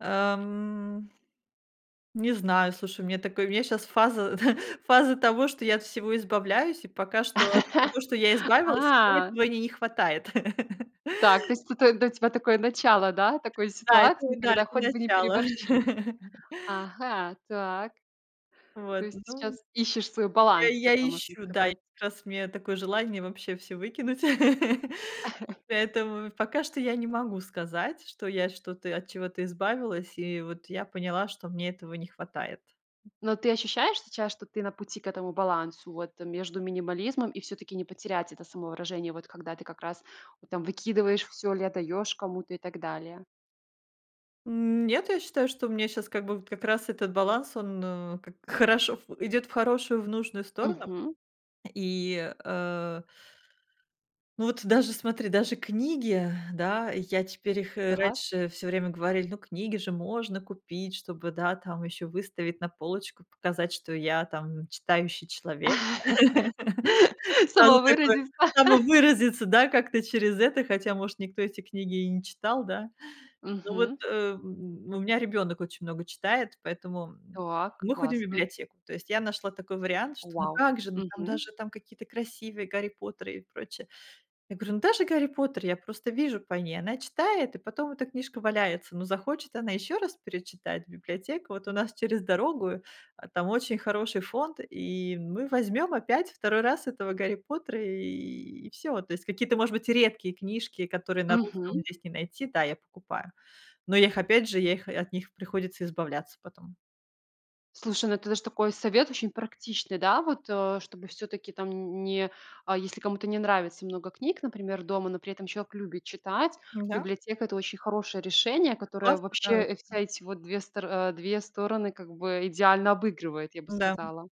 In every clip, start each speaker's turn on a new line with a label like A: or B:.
A: Ам. Не знаю, слушай, у меня такое, у меня щас фаза т фаза того, что я от всего избавляюсь. И пока что, от всего, что я избавилась, мне
B: А.
A: этого ни не хватает.
B: Так, то есть, это для тебя такое начало, да, такой
A: Да, это
B: ситуации,
A: вот да,
B: когда
A: это
B: хоть бы не
A: начало.
B: переборщи. Ага, так. То
A: Вот,
B: есть,
A: ну,
B: сейчас, ищешь свой
A: я и
B: баланс
A: я
B: такой, можно
A: ищу, да, я,
B: сказать.
A: как раз, мне такое желание вообще всё выкинуть, поэтому, в пока что я не могу сказать, что я что-то, от чего-то избавилась, и вот я поняла, что мне этого не хватает.
B: Но ты ощущаешь сейчас, что ты на пути к этому балансу, вот между минимализмом и, всё-таки, не потерять это самовыражение, вот когда ты, как раз, ну, там, выкидываешь всё или отдаёшь кому-то и так далее.
A: М Нет, я считаю, что у меня щас как бы вот как раз этот баланс, он а как хорошо в идёт в хорошую, в нужную сторону,
B: Мгм.
A: И э. Ну, вот даже, смотри, даже книги, да, я теперь, их и
B: Так.
A: раньше, всё время говорили, ну, книги же можно купить, чтобы, да, там, ещё выставить на полочку, п показать, что я там н читающий человек. Сразу такое,
B: Самовыразиться.
A: самовыразиться, да, как-то через это, хотя, может, никто эти книги и не читал, да? Ну вот,
B: Мгм.
A: ам, н у меня ребёнок очень много читает, поэтому, м,
B: Так,
A: мы ходим в
B: классно.
A: библиотеку. То есть я нашла такой вариант, что, ну
B: Вау
A: как же, ну, там,
B: мгм.
A: даже, там, какие-то красивые, Гарри Поттеры и прочее. Я говорю, ну даже Гарри Поттер, я просто вижу по ней. Она читает, и потом, эта книжка валяется. Ну захочет, она ещё раз перечитать, библиотека, вот, у нас через дорогу, а там очень хороший фонд, и мы возьмём опять, второй раз, этого Гарри Поттера, и всё. То есть, какие-то, может быть, редкие книжки, которые на русском
B: Мгм.
A: здесь не найти, да, я покупаю, но я их, опять же, я их и от них приходится избавляться потом.
B: Слушай, ну это даже такой совет, очень практичный, да. Вот, а чтобы, всё-таки, там нь не, а если кому-то не нравится много книг, например, дома, но при этом, человек любит читать,
A: Н-да.
B: библиотека- это очень хорошее решение, которое
A: Согласна да
B: вообще, э, вся
A: м.
B: эти вот две стор а две стороны, как бы идеально обыгрывает, я бы
A: Н-да м.
B: сказала.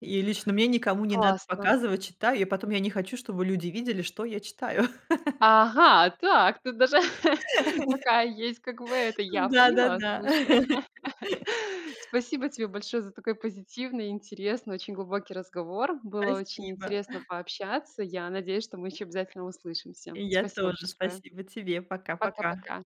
A: И лично мне, никому не надо
B: Классно.
A: показывать, читаю, и потом, я не хочу, чтобы люди видели, что я читаю.
B: Ага, так, тут даже такая есть, как бы это, я поняла,
A: Н-да-да-да.
B: слушай. Спасибо тебе большое за такой позитивный и интересный, очень глубокий разговор. Было очень
A: Спасибо.
B: интересно пообщаться. Я надеюсь, что мы ещё обязательно услышимся.
A: И я
B: Спасибо
A: тоже.
B: большое.
A: Спасибо тебе. Пока-пока.
B: Пока-пока!